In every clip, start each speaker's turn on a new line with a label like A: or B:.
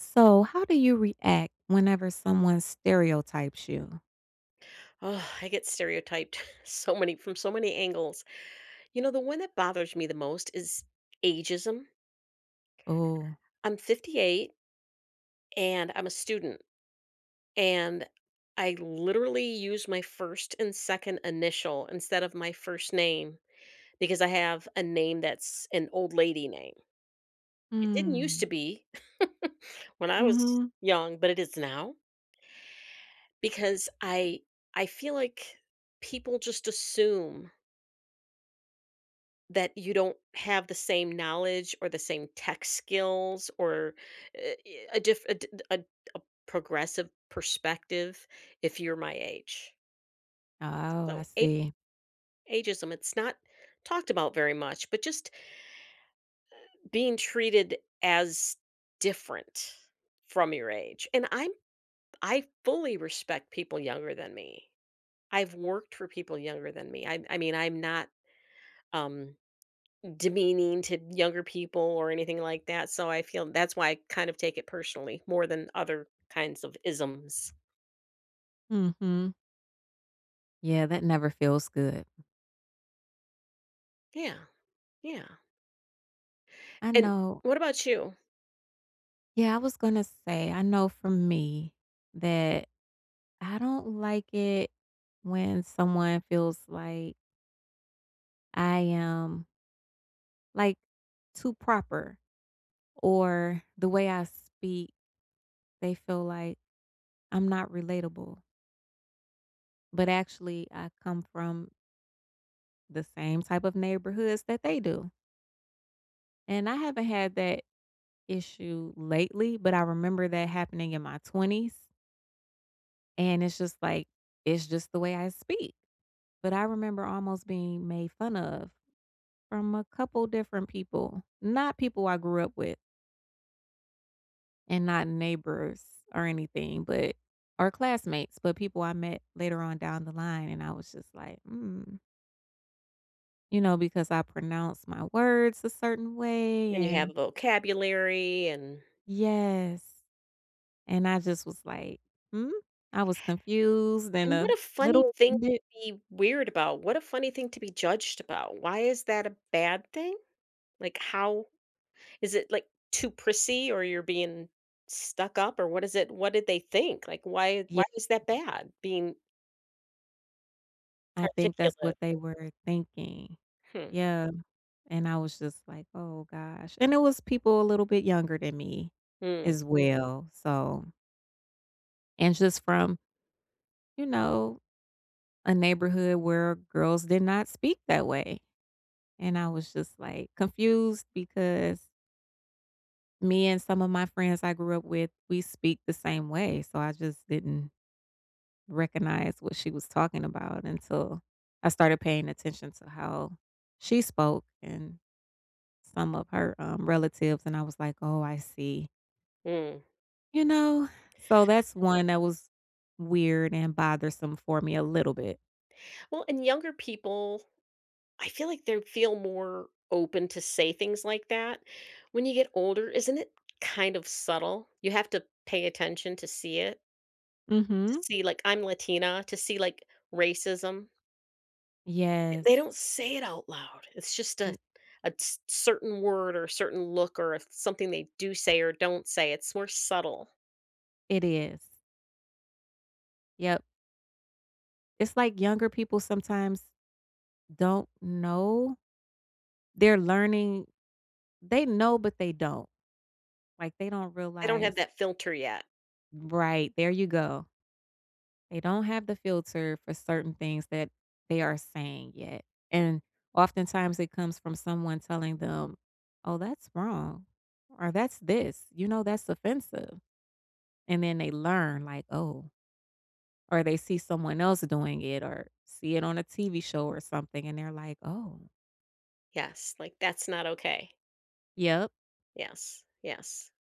A: So, how do you react whenever someone stereotypes you?
B: I get stereotyped so many from so many angles. You know, the one that bothers me the most is ageism.
A: Ooh.
B: I'm 58 and I'm a student. And I literally use my 1st and 2nd initial instead of my first name because I have a name that's an old lady name. It didn't used to
A: Mm.
B: be when I was
A: Mhm.
B: young, but it is now. Because I I feel like people just assume that you don't have the same knowledge or the same tech skills or, eh ye a diff a di a d a progressive perspective if you're my age.
A: Oh, I
B: So a
A: see.
B: ageism it's not talked about very much, but just eh, being treated as different from your age, and I'm I fully respect people younger than me. I've worked for people younger than me. I'm I mean, I'm not, um, demeaning to younger people or anything like that, so I feel that's why I kind of take it personally, more than other kinds of isms.
A: Mhm. Yeah, that never feels good.
B: Yeah, yeah.
A: I
B: And,
A: know.
B: what about you?
A: Yeah, I was gonna say, I know from me that I don't like it when someone feels like I am like, too proper or the way I speak, they feel like I'm not relatable. But, actually, I come from the same type of neighborhoods that they do. And I haven't had that issue lately, but I remember that happening in my 20s and it's just like, "It's just the way I speak," but I remember almost being made fun of from a couple different people, not people I grew up with. And not neighbors or anything, but our classmates, but people I met later on down the line and I was just like, "mm" you know, because I pronounce my words a certain way
B: And you have
A: and
B: vocabulary and
A: Yes, and I just was like, "Hmm?" I was confused and
B: And, and what
A: a
B: a funny
A: little
B: thing to
A: bit
B: be weird about, what a funny thing to be judged about, why is that a bad thing? Like, how is it, like, too prissy or you're being stuck up, or what is it what did they think? Like, why
A: Ye
B: why is that bad being
A: I think that's
B: articulate?
A: what they were thinking.
B: Hmm.
A: Yeah, and I was just like, "Oh gosh," and it was people a little bit younger than me
B: Hmm.
A: as well, so And just from you know, a neighborhood where girls did not speak that way. And I was just, like, confused because me and some of my friends I grew up with, we speak the same way, so I just didn't recognize what she was talking about until I started paying attention to how she spoke and some of her, um, relatives, and I was like, "Oh, I see."
B: Mm.
A: You know? So, that's one that was weird and bothersome for me a little bit.
B: Well, and younger people, I feel like they'd feel more open to say things like that. When you get older, isn't it kind of subtle? You have to pay attention to see it? To
A: Mhm.
B: see like- I'm Latina- to see, like, racism. Yeah, they
A: Yes.
B: don't say it out loud, it's just a
A: N
B: a c c certain word, or a certain look, or a something they do say, or don't say, it's more subtle.
A: It is. Yup. It's like younger people sometimes don't know? They're learning they know, but they don't. Like, they don't
B: They don't have
A: realize
B: that filter yet.
A: Right, there you go. They don't have the filter for certain things that they are saying yet, and oftentimes, it comes from someone telling them, "Oh, that's wrong," or "That's this," you know, "That's offensive," and then they learn, like, "Oh" or they see someone else doing it, or see it on a TV show or something, and they're like, "Oh."
B: Yes, like, that's not okay.
A: Yup.
B: Yes yes,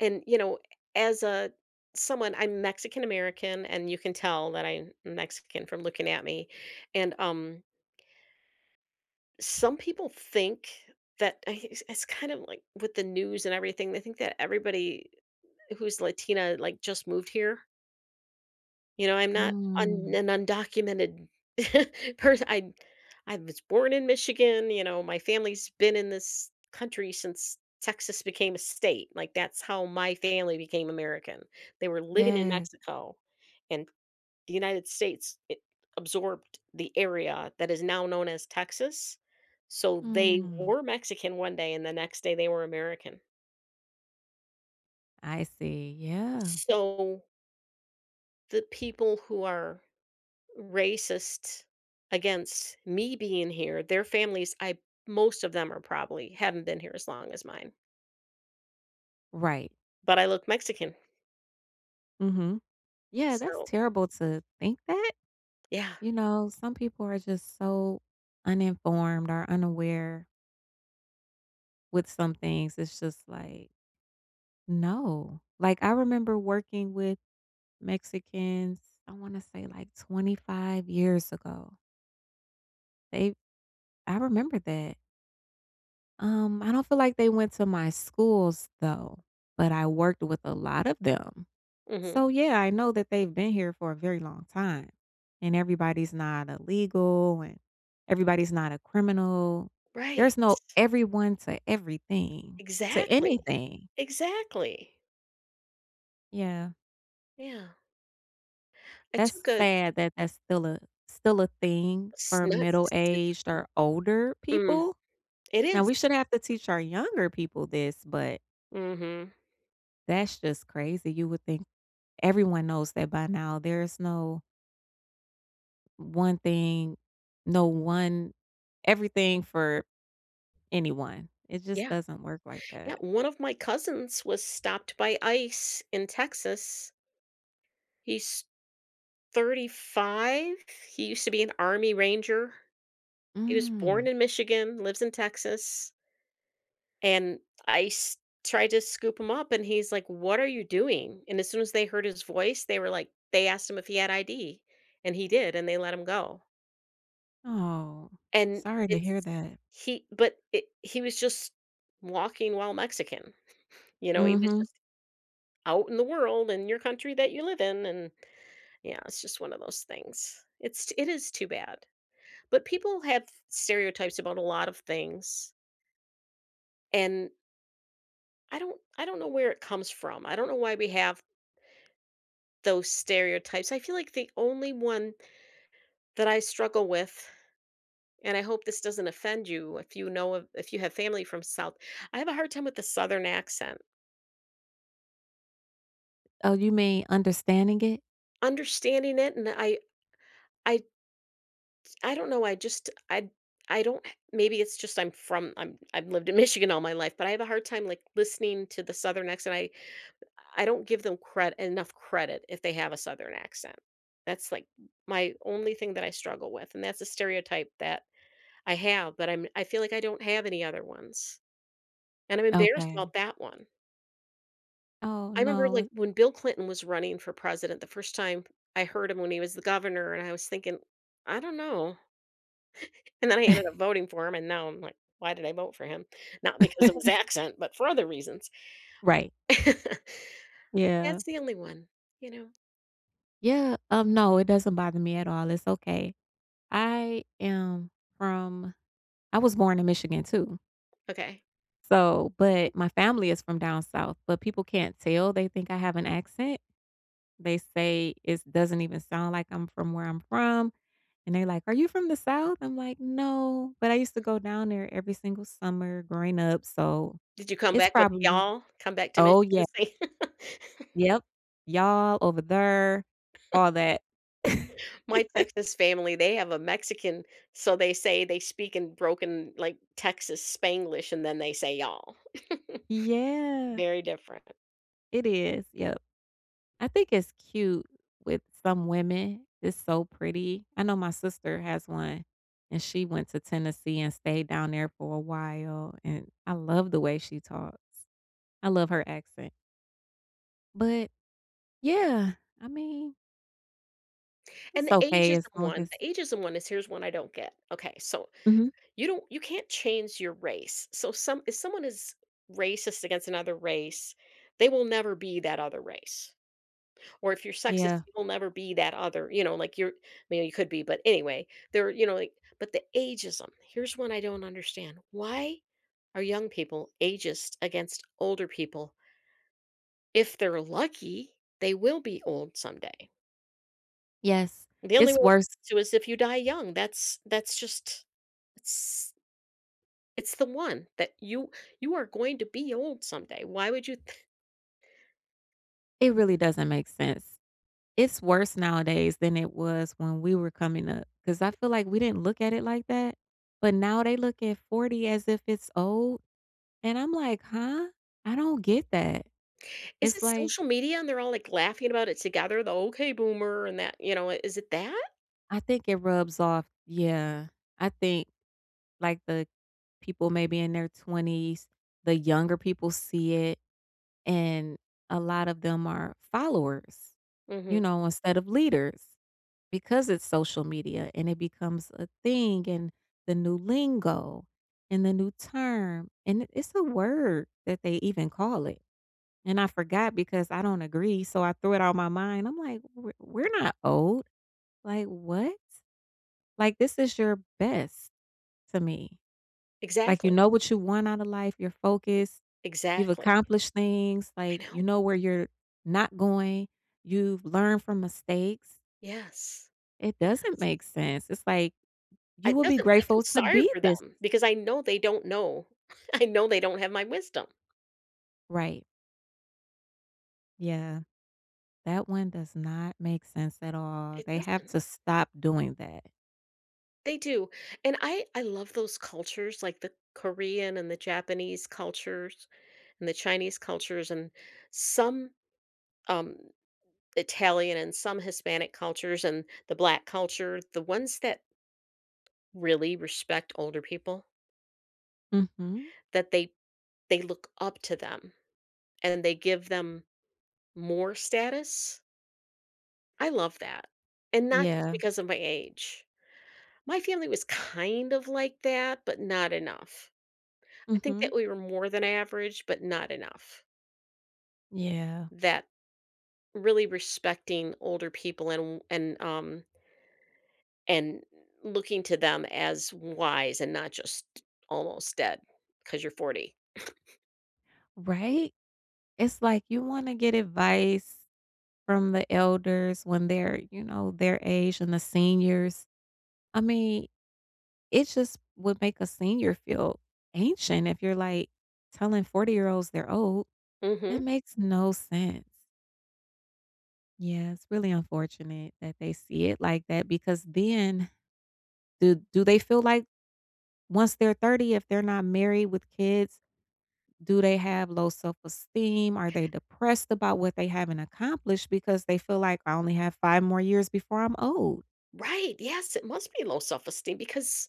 B: and, you know, as, uh, someone I'm Mexican American, and you can tell that I'm Mexican from looking at me, and, um some people think that i it's it's kind of like with the news and everything, they think that everybody who's Latina, like, just moved here you know, I'm not un
A: Mm.
B: an undocumented pers I'd I was born in Michigan, you know, my family's been in this country since Texas became a state, like, that's how my family became American. They were living in
A: Yeah.
B: Mexico, and The United States, it absorbed the area that is now known as Texas. So, they
A: Mm.
B: were Mexican one day, and the next day they were American.
A: I see, yeah.
B: So the people who are racist against me being here, their families, I most of them are probably haven't been here as long as mine.
A: Right.
B: But I look Mexican.
A: Mhm. Yeah, that's
B: So
A: terrible to think that.
B: Yeah.
A: You know, some people are just so uninformed or unaware with some things, it's just like No. Like, I remember working with Mexicans, I wanna say, like, 25 years ago. They I remember that. Um, I don't feel like they went to my schools, though, but I worked with a lot of them.
B: Mhm.
A: So, yeah, I know that they've been here for a very long time, and everybody's not illegal, and everybody's not a criminal.
B: Right.
A: There's no everyone to everything to
B: Exactly.
A: anything.
B: Exactly.
A: Yeah.
B: Yeah. I
A: That's
B: took a
A: sad that that's still a still a thing
B: a
A: for
B: snot
A: middle-aged
B: [unintelligible]
A: or older
B: Mm,
A: people.
B: it
A: Now
B: is.
A: we shouldn't have to teach our younger people this, but
B: Mhm.
A: that's just crazy, you would think everyone knows that by now, there is no one thing no, one everything for anyone. It just
B: Yeah.
A: doesn't work like
B: Yeah,
A: that.
B: one of my cousins was stopped by ICE in Texas. He's 35, he used to be an army ranger. He was
A: Mm.
B: born in Michigan, lives in Texas and ICE tried to scoop him up, and he's, like, "What are you doing?" and as soon as they heard his voice, they were, like they asked him if he had ID, and he did, and they let him go.
A: Oh,
B: And
A: sorry to hear
B: it's
A: that.
B: he but it he was just walking while Mexican. You know, he was
A: Mhm.
B: just out in the world in your country that you live in, and yeah, it's just one of those things. It's it is too bad. But people have stereotypes about a lot of things and I don't I don't know where it comes from. I don't know why we have those stereotypes. I feel like the only one that I struggle with and I hope this doesn't offend you if you know of if you have family from south I have a hard time with the southern accent.
A: Oh, you mean understanding it?
B: Understanding it and I I I don't know, I just I I don't maybe it's just I'm from I'm I've lived in Michigan all my life, but I have a hard time, like, listening to the southern accent. I I don't give them cred enough credit if they have a southern accent. That's, like, my only thing that I struggle with, and that's a stereotype that I have, but I'm I feel like I don't have any other ones, and I'm embarrassed
A: Okay.
B: about that one.
A: Oh,
B: I remember,
A: no, w
B: like, when Bill Clinton was running for president, the first time I heard him when he was the governor, and I was thinking, "I don't know," and then I ended up voting for him, and now I'm like, "Why did I vote for him?" Not because of his accent, but for other reasons.
A: Right. Yeah.
B: That's the only one, you know?
A: Yeah, um, no, it doesn't bother me at all, it's okay. I am from I was born in Michigan too.
B: Okay.
A: So but my family is from down south, but people can't tell, they think I have an accent. They say it's doesn't even sound like I'm from where I'm from, and they're like, "Are you from the South?" I'm like, "No, but I used to go down there every single summer growing up, so
B: Did you come
A: it's
B: back with,
A: probably"
B: "Y'all?" Come back to
A: Oh,
B: Michigan
A: ye
B: State?
A: Yep. "Y'all, over there." All that.
B: My Texas family, they have a Mexican so they say they speak in broken, like, Texas Spanglish, and then they say "y'all."
A: Yeah.
B: Very different.
A: It is, yep. I think it's cute with some women, it's so pretty. I know my sister has one, and she went to Tennessee, and stayed down there for a while, and I love the way she talks. I love her accent. But, yeah, I mean
B: And
A: it's
B: the
A: okay as
B: ageism
A: long
B: one,
A: as
B: the ageism one is here's one I don't get, okay, so,
A: Mhm.
B: you don't you can't change your race, so, some if someone is racist against another race, they will never be that other race. Or if you're sexist,
A: Yeah.
B: you will never be that other. You know, like, you're maybe you could be, but, anyway, they're, you know, like but the ageism, here's one I don't understand: why are young people ageist against older people? If they're lucky, they will be old someday.
A: Yes.
B: The only way
A: It's
B: not
A: worse.
B: to, is if you die young, that's that's just it's it's the one that you you are going to be old someday, why would you th
A: It really doesn't make sense. It's worse nowadays than it was when we were coming up, 'cause I feel like we didn't look at it like that. But now they look at 40 as if it's old, and I'm, like, "Huh?" I don't get that.
B: Is
A: It's,
B: it
A: like
B: social media, and they're all, like, laughing about it together? The, "Okay boomer," and that you know, is it that?
A: I think it rubs off yeah. I think, like, the people maybe in their 20s, the younger people see it, and a lot of them are followers,
B: Mhm.
A: you know, instead of leaders, because it's social media, and it becomes a thing, and the new lingo, and the new term, and it it's a word, that they even call it, and I forgot because I don't agree, so I threw it out my mind. I'm, like, "We're we're not old, like, what?" Like, this is your best to me. Like, you
B: Exactly.
A: know what you want outta life, you're focused, you've
B: Exactly.
A: accomplished things,
B: I
A: like, you
B: know.
A: know where you're not going, you've learned from mistakes.
B: Yes.
A: It doesn't
B: Yes.
A: make sense. It's, like, you
B: It
A: will be
B: doesn't I feel
A: grateful to
B: sorry
A: be
B: for
A: this.
B: them, because I know they don't know. I know they don't have my wisdom.
A: Right. Yeah. That one does not make sense at all,
B: It
A: they have
B: doesn't.
A: to stop doing that.
B: They do, and I I love those cultures, like the Korean and the Japanese cultures and the Chinese cultures and some, um, Italian and some Hispanic cultures and the Black culture, the ones that really respect older people
A: Mhm.
B: that they they look up to them and then they give them more status. I love that and not just
A: Yeah.
B: because of my age. My family was kind of like that, but not enough. I think
A: Mhm.
B: that we were more than average, but not enough.
A: Yeah.
B: That really respecting older people and w and, um and looking to them as w wise and not just almost dead 'cause you're 40.
A: Right? It's like you wanna get advice from the elders when they're, you know, their age and the seniors. I mean, it just would make a senior feel ancient if you're, like, telling forty-year-olds they're old. That
B: Mhm.
A: makes no sense. Yeah, it's really unfortunate that they see it like that, because then, do do they feel like once they're 30, if they're not married with kids, do they have low self-esteem, are they depressed about what they haven't accomplished, because they feel like, "I only have 5 more years before I'm old?"
B: Right, yes, it must be low self-esteem, because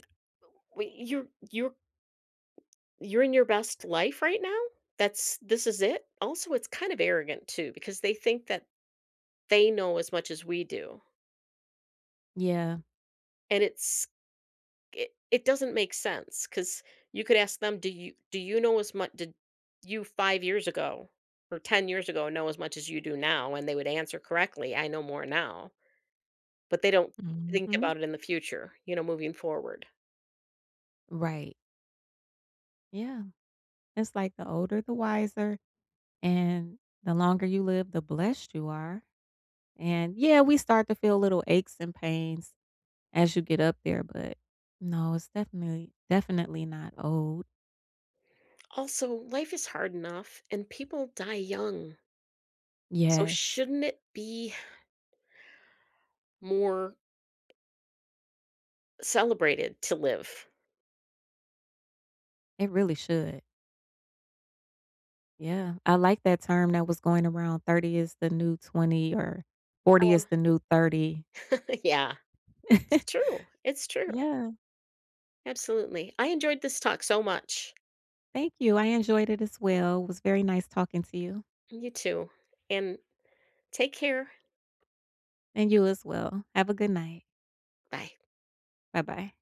B: Uh, wait, "You're you're you're in your best life right now? That's this is it?” Also, it's kind of arrogant, too, because they think that they know as much as we do
A: Yeah.
B: And it's i it doesn't make sense, 'cause you could ask them, "Do you do you know as did you 5 years ago, or 10 years ago, know as much as you do now?" and they would answer correctly, "I know more now." But they don't think
A: Mhm.
B: about it in the future, you know, moving forward.
A: Right. Yeah. It's like the older, the wiser, and the longer you live, the blessed you are. And, yeah, we start to feel little aches and pains, as you get up there, but, no, it's definitely definitely not old.
B: Also, life is hard enough, and people die young. So
A: Yes.
B: shouldn't it be more celebrated to live?
A: It really should. Yeah. I like that term that was going around "30 is the new 20," or "40 is
B: Oh.
A: the new 30."
B: Yeah. It's true, it's true.
A: Yeah.
B: Absolutely. I enjoyed this talk so much.
A: Thank you. I enjoyed it, as well, it was very nice talking to you.
B: You too. And, take care.
A: And you, as well. Have a good night.
B: Bye.
A: Bye-bye.